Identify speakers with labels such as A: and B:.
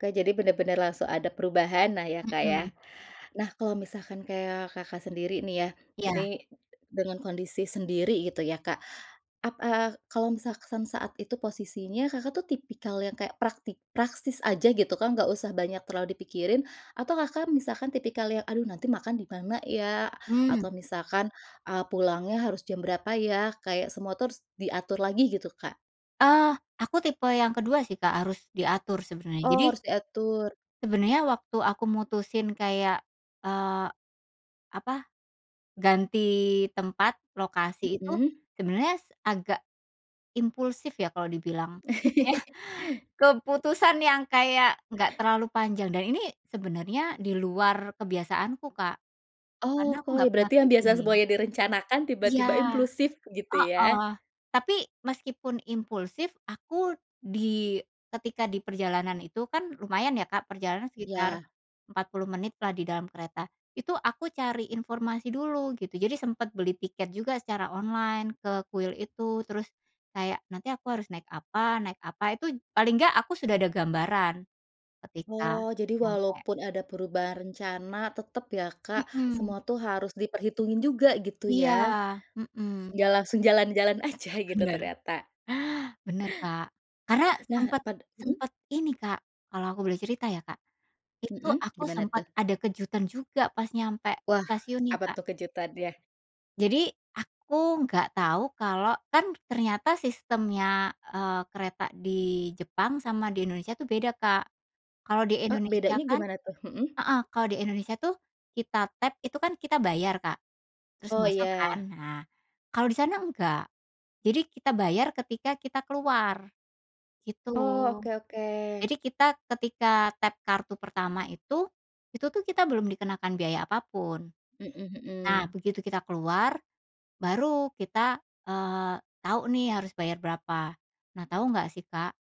A: Oke jadi benar-benar langsung ada perubahan nah ya, Kak, ya.
B: Mhm.
A: Nah, kalau misalkan kayak, Kakak, sendiri nih ya,
B: Iya.
A: ini dengan kondisi sendiri gitu ya, Kak, ap eee, kalau misalkan saat itu posisinya, Kakak, tuh tipikal yang kayak praktik praktis aja gitu kan nggak usah banyak terlalu dipikirin atau, Kakak, misalkan tipikal yang, aduh nanti makan di mana ya?
B: Mmm.
A: Atau misalkan, eee, pulangnya harus jam berapa ya? Kayak semua diatur lagi gitu, Kak.
B: Eee, aku tipe yang kedua sih, Kak, harus diatur sebenarnya,
A: Oh,
B: jadi
A: harus diatur.
B: sebenarnya waktu aku mutusin kayak, eee, apa ganti tempat, lokasi itu
A: Mhm.
B: sebenarnya agak impulsif ya kalau dibilang iya, keputusan yang kayak nggak terlalu panjang dan ini sebenernya diluar kebiasaanku, Kak, karena
A: Oh,
B: aku
A: koy
B: gak pernah
A: berarti yang
B: kayak
A: biasa
B: gini.
A: semuanya direncanakan,
B: Iya,
A: tiba-tiba impulsif gitu, ya?
B: heeh. Tapi meskipun impulsif, aku di ketika diperjalanan itu kan lumayan ya, Kak, perjalanan sekitar
A: Iya.
B: 40 menit lah di dalam kereta, itu aku cari informasi dulu gitu, jadi sempet beli tiket juga secara online ke kuil itu terus kayak, nanti aku harus naik apa naik apa, itu paling nggak aku sudah ada gambaran, ketika
A: Oh, jadi
B: nyampe.
A: walaupun ada perubahan rencana tetap ya, Kak,
B: Mhm.
A: semua tuh harus diperhitungin juga gitu ya.
B: Iya, mhm.
A: Enggak langsung jalan-jalan aja gitu
B: Benar.
A: ternyata.
B: Benar, Kak, karena
A: Nah,
B: sempet
A: pad mhm.
B: sempet ini, Kak, kalau aku boleh cerita ya, Kak, itu
A: Mhm,
B: aku
A: gimana
B: sempet
A: tuh?
B: ada kejutan juga pas nyampe
A: Wah,
B: stasiunnya,
A: apa
B: Kak.
A: tuh kejutannya?
B: Jadi aku nggak tahu kalau kan, ternyata sistemnya, eee, kereta di Jepang sama di Indonesia tuh beda, Kak. Kalau di
A: Oh,
B: Indonesia
A: bedanya
B: kan
A: gimana tuh? Mhm.
B: heeh, kalau di Indonesia tuh kita tap itu kan kita bayar, Kak, terus
A: Oh,
B: masuk kan.
A: ya.
B: Nah, kalau di sana nggak. Jadi kita bayar ketika kita keluar, gitu.
A: Oh, oke oke.
B: Jadi kita ketika tap kartu pertama itu, itu tuh kita belum dikenakan biaya apapun.
A: Mhm
B: Nah,
A: mhm.
B: begitu kita keluar baru kita, eee, tahu nih harus bayar berapa. Nah, tahu nggak sih, Kak?